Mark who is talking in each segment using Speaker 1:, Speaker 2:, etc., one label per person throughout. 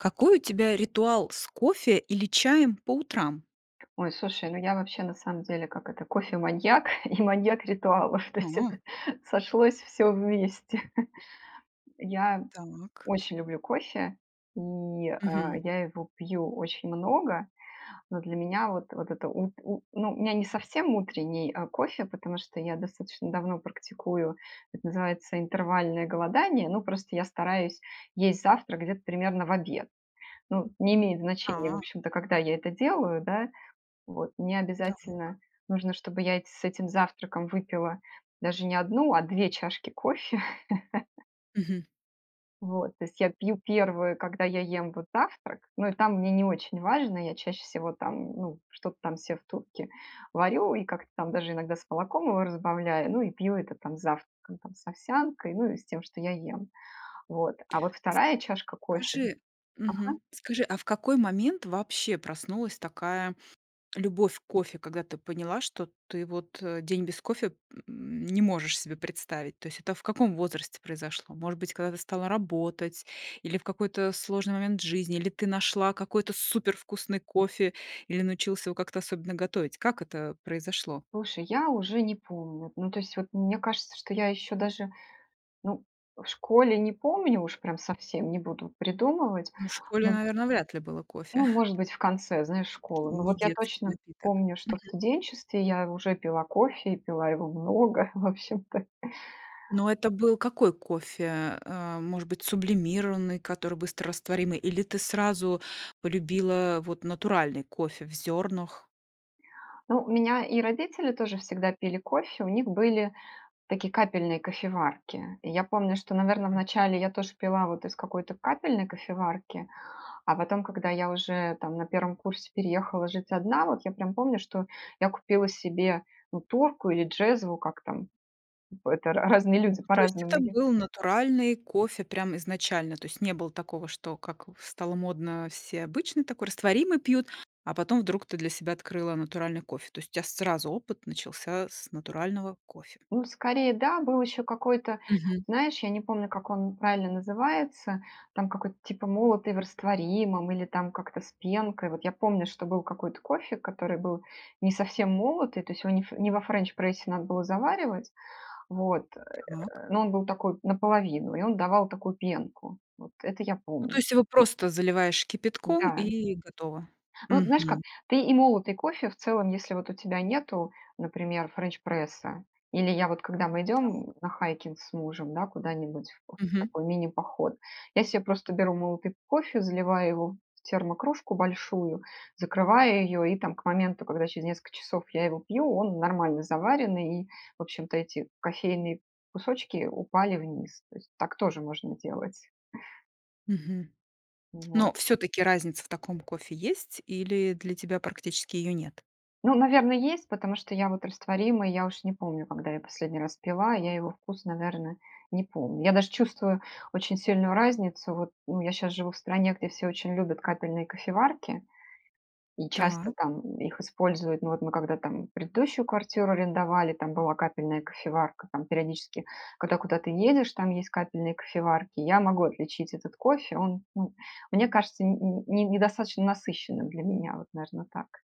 Speaker 1: Какой у тебя ритуал с кофе или чаем по утрам?
Speaker 2: Ой, слушай, ну я, вообще, на самом деле, как это: кофе-маньяк и маньяк ритуалов. То есть
Speaker 1: А.
Speaker 2: это сошлось всё вместе. Я
Speaker 1: Так.
Speaker 2: очень люблю кофе, и,
Speaker 1: Мгм.
Speaker 2: э, я его пью очень много, но для меня вот вот это ут у ну, у меня не совсем утренний, э, кофе, потому что я достаточно давно практикую- это называется интервальное голодание: ну, просто я стараюсь есть завтрак где-то примерно в обед. Ну, не имеет значения, в
Speaker 1: А.
Speaker 2: общем-то, когда я это делаю, да. Вот. Мне
Speaker 1: Так.
Speaker 2: обязательно нужно, чтобы я эт с этим завтраком выпила даже не 1, а 2 чашки кофе.
Speaker 1: Мгм.
Speaker 2: Вот. То есть я пью 1, когда я ем вот завтрак. Но и там мне не очень важно. Я чаще всего там, ну, что-то там се в турке варю и как-то там даже иногда с молоком его разбавляю, ну и пью это там с завтраком, с овсянкой, ну и с тем, что я ем. Вот. А вот
Speaker 1: С
Speaker 2: 2 чашка кофе
Speaker 1: кажи
Speaker 2: Ага.
Speaker 1: Мгм. Скажи, а в какой момент вообще проснулась такая любовь к кофе, когда ты поняла, что ты вот, э, день без кофе, м, не можешь себе представить? То есть это в каком возрасте произошло? Может быть, когда ты стала работать, или в какой-то сложный момент жизни, или ты нашла какой-то супервкусный кофе, или научилась его как-то особенно готовить? Как это произошло?
Speaker 2: Слушай, я уже не помню. Ну, то есть вот мне кажется, что я еще даже Ну, в школе не помню, уж прям совсем не буду придумывать.
Speaker 1: Ну, в школе,
Speaker 2: Ну
Speaker 1: наверно, вряд ли было
Speaker 2: ну,
Speaker 1: кофе.
Speaker 2: может быть, в конце, знаешь, школы. Но
Speaker 1: Не
Speaker 2: вот я
Speaker 1: детский
Speaker 2: точно
Speaker 1: напиток.
Speaker 2: помню, что в
Speaker 1: Мгм.
Speaker 2: студенчестве я уже пила кофе и пила его много в общем-то.
Speaker 1: Но это был какой кофе? Э, может быть, сублимированный, который быстрорастворимый? Или ты сразу полюбила вот натуральный кофе в зёрнах?
Speaker 2: Ну, у меня и родители тоже всегда пили кофе, у них были такие капельные кофеварки. Я помню, что, наверно, вначале я тоже пила вот из какой-то капельной кофеварки. А потом, когда я уже, там, на 1 курсе переехала жить одна, вот я прям помню, что я купила себе, ну, турку или джезву- как там? П это ра разные люди
Speaker 1: Ну, то есть
Speaker 2: по-разному
Speaker 1: это
Speaker 2: её
Speaker 1: был натуральный кофе прям изначально? То есть не было такого, что, как ф стало модно: все обычный такой, растворимый пьют, а потом вдруг ты для себя открыла натуральный кофе. То есть у тя сразу опыт начался с натурального кофе.
Speaker 2: Ну, скорее, да. Был еще какой-то,
Speaker 1: Мгм.
Speaker 2: знаешь, я не помню, как он правильно называется, там какой-то, типа "молотый в растворимом", или там как-то "с пенкой". Вот я помню, что был какой-то кофе, который был не совсем молотый, то есть его не ф не во френч-прессе надо было заваривать, вот,
Speaker 1: Так.
Speaker 2: э, но он был такой- наполовину, и он давал такую пенку. Вот это я
Speaker 1: Ну, то
Speaker 2: помню.
Speaker 1: есть его просто заливаешь кипятком,
Speaker 2: Да.
Speaker 1: и готово.
Speaker 2: Ну, знаешь как,
Speaker 1: Мгм.
Speaker 2: ты и молотый кофе, в целом, если вот у тебя нету, например, френч-пресса. Или я вот, когда мы идём,
Speaker 1: Так.
Speaker 2: м, на хайкинг с мужем, да, куда-нибудь вот в
Speaker 1: Мгм.
Speaker 2: такой мини-поход, я се просто беру молотый кофе, заливаю его в термокружку большую, закрываю её- и, там, к моменту, когда через несколько часов я его пью, он нормально заваренный и в общем-то эти кофейные кусочки упали вниз. То есть так тоже можно делать.
Speaker 1: Мгм.
Speaker 2: Вот.
Speaker 1: Но всё-таки разница в таком кофе есть, или для тебя практически её нет?
Speaker 2: Ну, наверно, есть, потому что я вот растворимый- я уж не помню, когда я последний раз пила,- я его вкус, наверно, не помню. Я даже чувствую очень сильную разницу. Вот, ну, я щас живу в стране, где все очень любят капельные кофеварки и часто
Speaker 1: Так.
Speaker 2: там их используют. Мы вот мы когда там предыдущую квартиру арендовали, там была капельная кофеварка. Там, периодически, когда куда ты едешь, там есть капельные кофеварки. Я могу отличить этот кофе: он, ну, мне кажется не не недостаточно насыщенным для меня. Вот, наверно, так.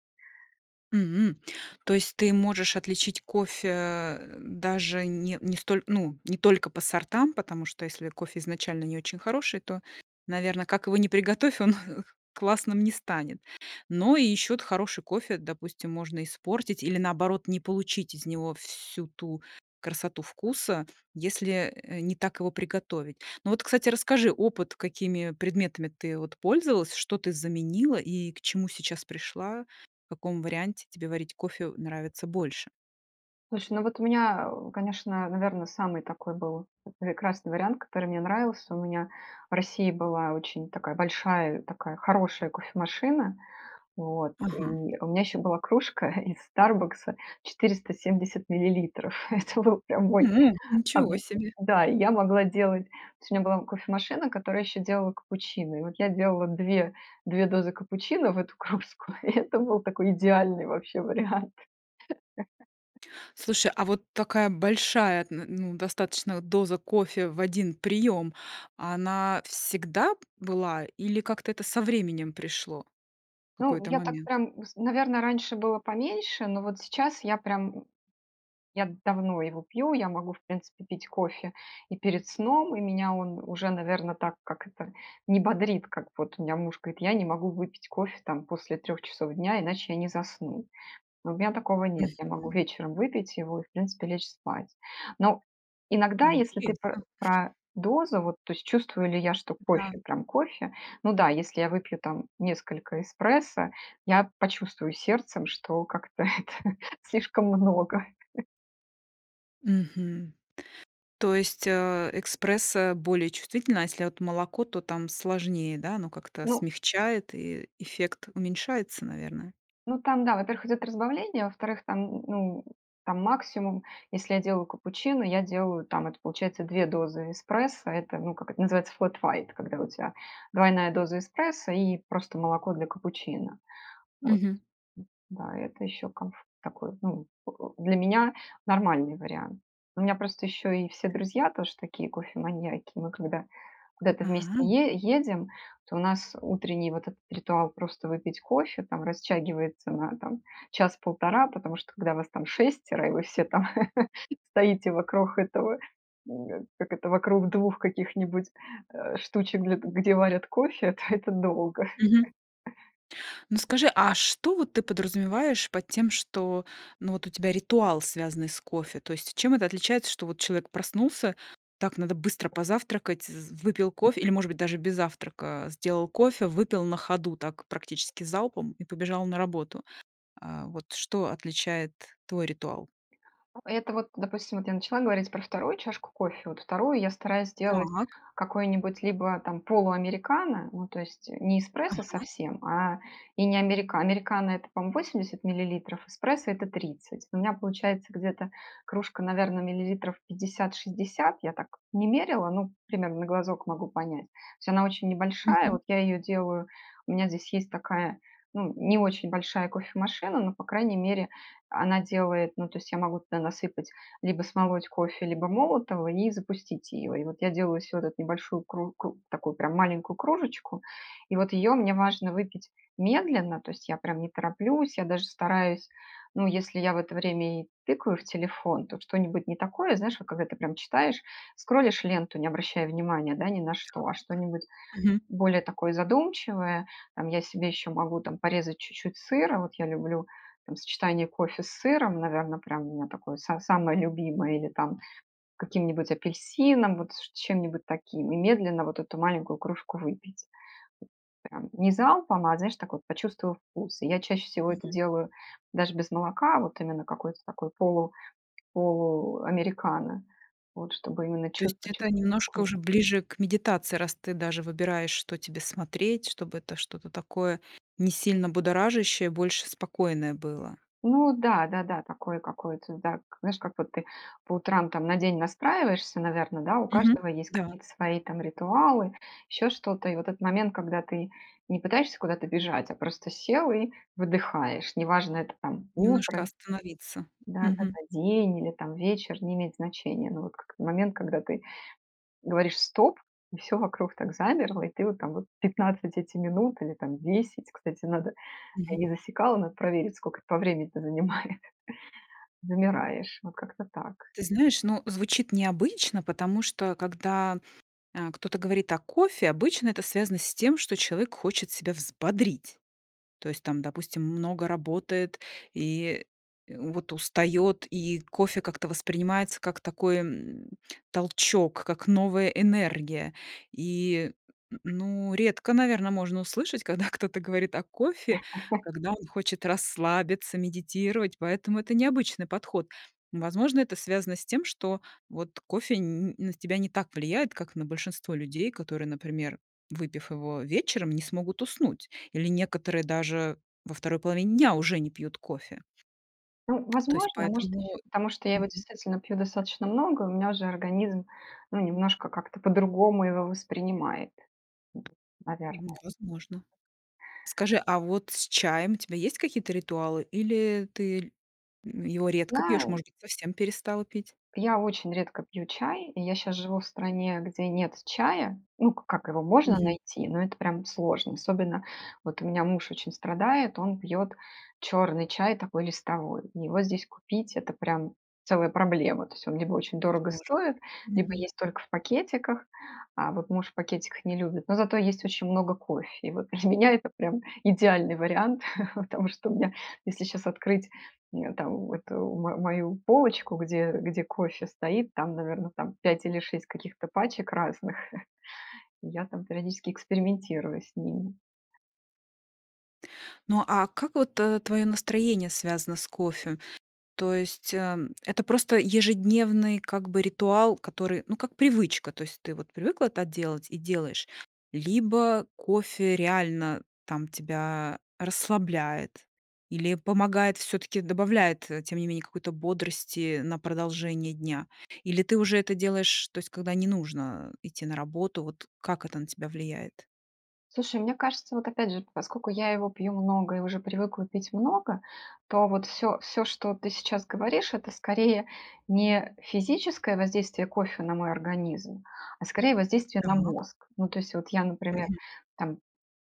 Speaker 1: М! То есть ты можешь отличить кофе, даже не не столь ну, не только по сортам, потому что если кофе изначально не очень хороший, то, наверно, как его ни приготовь, он классным не станет. Но и ещё от хороший кофе, допустим, можно испортить или, наоборот, не получить из него всю ту красоту вкуса, если, э, не так его приготовить. Ну вот, кстати, расскажи опыт: какими предметами ты вот пользовалась, что ты заменила и к чему сейчас пришла, в каком варианте тебе варить кофе нравится больше?
Speaker 2: Слушай, ну вот у меня, а, о, конечно, наверно, самый такой был, э, прекрасный вариант, который мне нравился. У меня в России была очень такая большая, такая хорошая кофемашина. Вот.
Speaker 1: Ага.
Speaker 2: И у меня еще была кружка из "Старбакса" 470 миллилитров. Это был прям мой
Speaker 1: М! Ничего
Speaker 2: [unintelligible]
Speaker 1: себе!
Speaker 2: Да. И я могла делать то есть у меня была кофе-машина, которая еще делала капучино. И вот я делала две две дозы капучино в эту кружку, и это был такой идеальный вообще вариант.
Speaker 1: Слушай, а вот такая большая, н ну, достаточно вот доза кофе в 1 прием, она всегда б была или как-то это со временем пришло? В
Speaker 2: Ну,
Speaker 1: какой-то
Speaker 2: я так
Speaker 1: момент.
Speaker 2: прям, вс наверно, раньше было поменьше, но вот сейчас я прям м Я давно его пью, я могу в принципе пить кофе и перед сном, и меня он уже, наверно, так- как это?- не бодрит, как вот у меня муж говорит: "Я не могу выпить кофе там после 3 часов дня, иначе я не засну". Ну, у меня такого нет. Я могу
Speaker 1: Мгм.
Speaker 2: вечером выпить его и в принципе лечь спать. Но иногда, если ты пр
Speaker 1: Интересно.
Speaker 2: про дозу, вот то есть чувствую ли я, что
Speaker 1: Да.
Speaker 2: кофе прям кофе, ну да, если я выпью там несколько эспрессо, я почувствую сердцем, что как-то это слишком много.
Speaker 1: Мгм. То есть, э, эспрессо более чувствительная, а если от молоко, то там сложнее, да? Оно как-то
Speaker 2: Ну
Speaker 1: смягчает и эффект уменьшается, наверное?
Speaker 2: Ну, там, да, во-первых, идет разбавление, а, во-вторых, там, ну, там, максимум, если я делаю капучино, я делаю, там, это получается 2 дозы эспрессо. Это, ну, как это называется, флэт уайт- когда у тя двойная доза эспрессо и просто молоко для капучино, вот.
Speaker 1: Мгм.
Speaker 2: Да. Это еще комф такой, ну, поку Для меня- нормальный вариант. У меня просто еще и все друзья тоже такие кофеманьяки. Мы, когда куда-то вместе
Speaker 1: А.
Speaker 2: е едем, то у нас утренний вот этот ритуал просто выпить кофе, там, растягивается на, там, час-полтора. Потому что когда вас там 6 и вы все, там, стоите вокруг этого м- как это- вокруг 2 каких-нибудь, э, штучек, г где варят кофе, то это долго.
Speaker 1: Мгм. Ну скажи, а что вот ты подразумеваешь под тем, что, ну, вот у тебя ритуал, связанный с кофе? То есть чем это отличается, что вот человек проснулся, так надо быстро позавтракать з выпил кофе или, может быть, даже без завтрака сделал кофе, выпил на ходу, так практически залпом и побежал на работу. Э, вот что отличает твой ритуал?
Speaker 2: Это вот, допустим, вот я начала говорить про 2 чашку кофе, вот 2 я стараюсь делать
Speaker 1: Так.
Speaker 2: какой-нибудь либо, там, полуамерикано, ну, то есть, э, не эспрессо
Speaker 1: Ага.
Speaker 2: совсем, а, и не америка Американо- это, по-моему, 80 миллилитров, эспрессо- это 30. У меня получается где-то кружка, наверно, миллилитров 50, 60 - я так не мерила, ну, примерно, на глазок могу понять. То есть она очень небольшая,
Speaker 1: Мгм.
Speaker 2: вот я ее делаю- у меня здесь есть такая, ну, не очень большая кофемашина, но, по крайней мере, она делает, ну, то есть я могу туда насыпать: либо смолоть кофе, либо молотого- и запустить ее. И вот я делаю всё вот эту небольшую кру кру такую прям маленькую кружечку и вот ее мне важно выпить медленно, то есть я прям не тороплюсь. Я даже стараюсь ну, если я в это время и тыкаю в телефон, то что-нибудь не такое, знаешь, когда ты прям читаешь, скролишь ленту, не обращая внимания, да, ни на что, а что-нибудь
Speaker 1: Так. Мгм.
Speaker 2: более такое задумчивое. Там, я себе еще могу, там, порезать чуть-чуть сыра. Вот я люблю, там, сочетание кофе с сыром, наверно, прям у меня такое са самое любимое или, там, каким-нибудь апельсином, вот с с чем-нибудь таким. И медленно вот эту маленькую кружку выпить. Прям не залпом, а, знаешь, так вот- почувствовав вкус. Я чаще всего это
Speaker 1: Мгм.
Speaker 2: делаю даже без молока, а вот именно какой-то такой полу полуамерикано вот, чтобы именно
Speaker 1: То
Speaker 2: чув
Speaker 1: есть, это
Speaker 2: почувствовать
Speaker 1: немножко
Speaker 2: вкус.
Speaker 1: уже ближе к медитации, раз ты даже выбираешь, что тебе смотреть, чтобы это что-то такое не сильно будоражащее, больше спокойное было.
Speaker 2: Ну да, да-да, такое какое-то, да. Как, знаешь, как вот ты по утрам, там, на день настраиваешься, наверно, да, у
Speaker 1: Мгм.
Speaker 2: каждого есть
Speaker 1: Да.
Speaker 2: какие-то свои, там, ритуалы, еще что-то. И вот этот момент, когда ты не пытаешься куда-то бежать, а просто сел и выдыхаешь. Неважно это, там,
Speaker 1: Немножко
Speaker 2: утро
Speaker 1: остановиться. Мгм.
Speaker 2: Да-да-да, день или, там, вечер- не имеет значения. Но вот как момент, когда ты говоришь: "Стоп!" И всё вокруг так замерло, и ты вот там 15 эти минут или, там, 10, кстати, надо я
Speaker 1: Мгм.
Speaker 2: не засекала, надо проверить, сколько это по времени-то занимает, замираешь. Вот как-то так.
Speaker 1: Ты знаешь, ну, звучит необычно, потому что когда, э, кто-то говорит о кофе, обычно это связано с тем, что человек хочет себя взбодрить. То есть там, допустим, много работает и, э, вот устает, и кофе как-то воспринимается как такой, м, толчок, как новая энергия. И, н н ну, редко, наверно, можно услышать, когда кто-то говорит о кофе, когда он хочет расслабиться, медитировать, поэтому это необычный подход. Возможно, это связано с тем, что вот кофе н н на тебя не так влияет, как на большинство людей, которые, например, выпив его вечером, не смогут уснуть, или некоторые даже во 2 половине дня уже не пьют кофе.
Speaker 2: Ну,
Speaker 1: То есть
Speaker 2: возможно, может
Speaker 1: поэтому.
Speaker 2: еще потому что я его,
Speaker 1: Мгм.
Speaker 2: действительно, пью достаточно много, у меня уже организм, ну, немножко как-то по-другому его воспринимает. Ну, наверное.
Speaker 1: М. Возможно. Скажи, а вот с чаем у тебя есть какие-то ритуалы, или ты ль его редко пьёшь?
Speaker 2: Знаю.
Speaker 1: Может быть, совсем перестал пить?
Speaker 2: Я очень редко пью чай и я щас живу в стране, где нет чая. Ну, к как его можно
Speaker 1: Мгм.
Speaker 2: найти, но это прям сложно. Особенно вот у меня муж очень страдает, он пьет черный чай, такой листовой. Его здесь купить, это прям целая проблема. То есть он либо очень дорого
Speaker 1: Сложно.
Speaker 2: стоит, либо
Speaker 1: Мгм.
Speaker 2: есть только в пакетиках, а, вот муж в пакетиках не любит. Но зато есть очень много кофе. И вот для меня это прям идеальный вариант. Потому что у меня, если сейчас открыть, э, там, эту м мою полочку, где где кофе стоит, там, наверно, там 5 или 6 каких-то пачек разных. Я там периодически экспериментирую с ними.
Speaker 1: Ну, а как вот, э, твое настроение связано с кофе? То есть, а, это просто ежедневный как бы ритуал, который, ну, как привычка, то есть ты вот привыкла так делать и делаешь. Либо кофе реально, там, тебя расслабляет или помогает всё-таки, добавляет, э, тем не менее, какой-то бодрости на продолжение дня? Или ты уже это делаешь, то есть когда не нужно идти на работу? Вот как это на тебя влияет?
Speaker 2: Слушай, мне кажется, вот опять же, поскоку я его пью много и уже привыкла пить много, то вот, всё всё, что ты сейчас говоришь- это скорее не физическое воздействие кофе на мой организм, а скорее воздействие на
Speaker 1: Так.
Speaker 2: мозг. Ну, то есть вот, я, например,
Speaker 1: Мгм.
Speaker 2: там,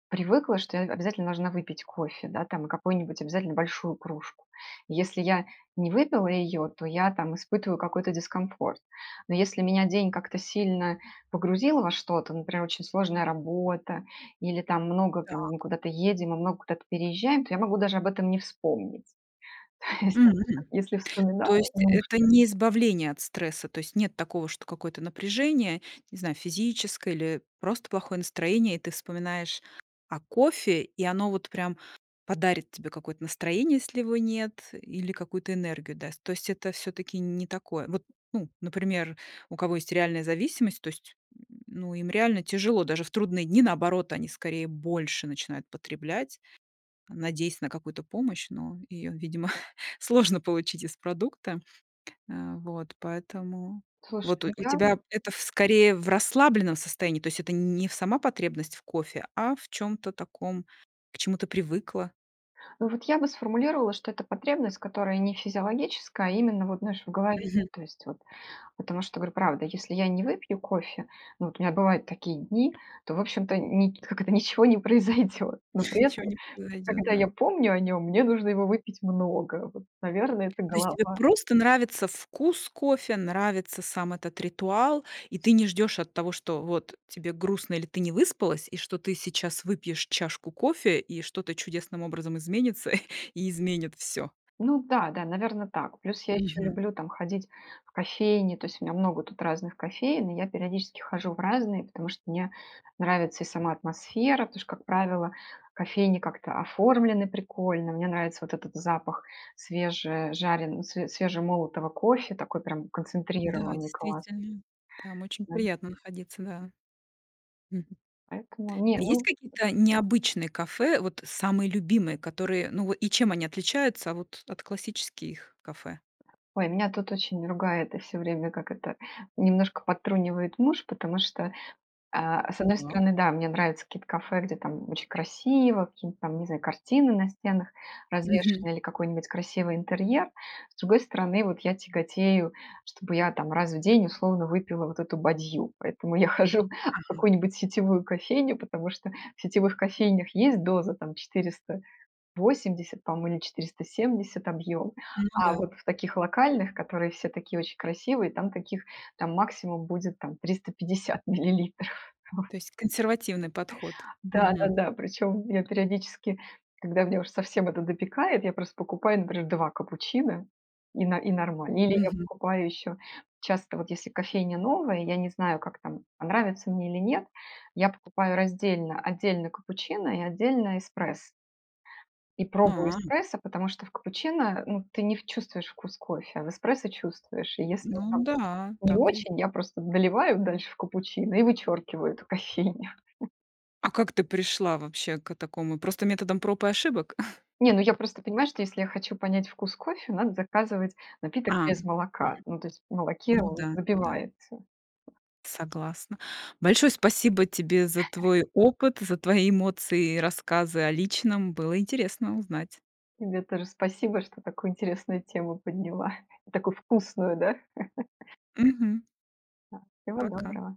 Speaker 2: привыкла, что я, э, обязательно должна выпить кофе, да, там и какую-нибудь обязательно большую кружку. Если я не выпила ее, то я, там, испытываю какой-то дискомфорт. Но если меня день как-то сильно погрузил во что-то, например, очень сложная работа или там много, там, мы
Speaker 1: Так.
Speaker 2: куда-то едем и много куда-то переезжаем, то я могу даже об этом не вспомнить. То есть знаешь как,
Speaker 1: М.
Speaker 2: если вспоминаю,
Speaker 1: То
Speaker 2: то
Speaker 1: есть,
Speaker 2: нужно
Speaker 1: это не избавление от стресса, то есть нет такого, что какое-то напряжение, не знаю, физическое, или просто плохое настроение, и ты вспоминаешь о кофе, и оно вот, прям, подарит тебе какое-то настроение, если его нет, или какую-то энергию даст. То есть это всё-таки не такое. Вот, ну, например, у кого есть реальная зависимость, то есть, м, ну им реально тяжело, даже в трудные дни. Наоборот, они скорее больше начинают потреблять, надеясь на какую-то помощь, но её, видимо, сложно получить из продукта. А, вот, поэтому.
Speaker 2: Слушай,
Speaker 1: Вот у
Speaker 2: ну
Speaker 1: у
Speaker 2: я
Speaker 1: тебя это, в скорее, в расслабленном состоянии, то есть это н не сама потребность в кофе, а в чём-то таком, к чему ты привыкла.
Speaker 2: Ну вот я бы сформулировала, что это потребность, которая не физиологическая, а именно, вот знаешь, в голове,
Speaker 1: Мгм.
Speaker 2: то есть, вот. Потому что, говорю, правда: если я не выпью кофе- ну вот, у меня бывают такие дни,- то в общем-то, ни как это, ничего не произойдёт. Но при
Speaker 1: Ничего
Speaker 2: этом,
Speaker 1: не произойдет.
Speaker 2: когда я
Speaker 1: Да.
Speaker 2: помню о нём, мне нужно его выпить много, вот. Наверно, это
Speaker 1: То есть тебе
Speaker 2: голова.
Speaker 1: просто нравится вкус кофе. Нравится сам этот ритуал, и ты не ждёшь от того, что вот тебе грустно или ты не выспалась, и что ты сейчас выпьешь чашку кофе, и что-то чудесным образом изменится, и изменит всё.
Speaker 2: Ну да-да. Наверно, так. Плюс я ещё
Speaker 1: Мгм.
Speaker 2: люблю там, ходить в кофейни. То есть у меня много тут разных кофеен, и я периодически хожу в разные, потому что мне нравится и сама атмосфера. Потому что, как правило, кофейни как-то оформлены прикольно. Мне нравится вот этот запах свежежарен све свежемолотого кофе, такой прям
Speaker 1: Да,
Speaker 2: концентрированный. Класс.
Speaker 1: действительно. Там очень
Speaker 2: М
Speaker 1: приятно находиться, да. Мгм.
Speaker 2: Поэтому Не,
Speaker 1: А есть
Speaker 2: ну
Speaker 1: какие-то необычные кафе? Вот самые любимые, которые, ну, во и чем они отличаются, вот, от классических кафе?
Speaker 2: Ой, меня тут очень ругает и всё время, как это, немножко подтрунивает муж. Потому что, а, с одной
Speaker 1: Так.
Speaker 2: стороны, да, мне нравятся какие-то кафе, где там очень красиво, какие-нибудь там, не знаю, картины на стенах
Speaker 1: Мгм.
Speaker 2: развешены. Или какой-нибудь красивый интерьер. С другой стороны, вот я тяготею, чтобы я, там, раз в день, условно, выпила вот эту бадью. Поэтому я хожу в
Speaker 1: Ага.
Speaker 2: какую-нибудь сетевую кофейню, потому что в сетевых кофейнях есть доза там, 480, по-моему, или 470 объём.
Speaker 1: Ну
Speaker 2: А
Speaker 1: да.
Speaker 2: вот в таких локальных, которые все такие очень красивые, там таких там максимум будет, там, 350 миллилитров. Вот.
Speaker 1: То есть консервативный подход. Мгм.
Speaker 2: Да-да-да. Причём я периодически, когда меня уж совсем это допекает, я просто покупаю, например, 2 капучино- и но и нормально. Или я
Speaker 1: Мгм.
Speaker 2: покупаю еще часто, вот если кофейня новая, я не знаю как там, понравится мне или нет, я покупаю раздельно: отдельно капучино и отдельно эспрессо. И пробую
Speaker 1: А.
Speaker 2: эспрессо, потому что в капучино, э, ну ты не в чувствуешь вкус кофе. А в эспрессо чувствуешь. И если он
Speaker 1: Ну
Speaker 2: там
Speaker 1: да.
Speaker 2: не
Speaker 1: Так и е
Speaker 2: очень, я просто доливаю дальше в капучино, и вычеркиваю эту кофейню.
Speaker 1: А как ты пришла вообще, ко такому? Просто методом проб и ошибок?
Speaker 2: Не, ну я просто понимаю, что если я хочу понять вкус кофе, надо заказывать напиток
Speaker 1: А.
Speaker 2: без молока,
Speaker 1: Мгм.
Speaker 2: ну то есть в молоке
Speaker 1: Ну
Speaker 2: он
Speaker 1: да, ну да.
Speaker 2: забивается.
Speaker 1: Согласна. Большое спасибо тебе за твой опыт, за твои эмоции и рассказы о личном. Было интересно узнать.
Speaker 2: Тебе тоже спасибо, что такую интересную тему подняла, и такую вкусную. Да?
Speaker 1: Мгм.
Speaker 2: Да, всего
Speaker 1: Пока.
Speaker 2: доброго!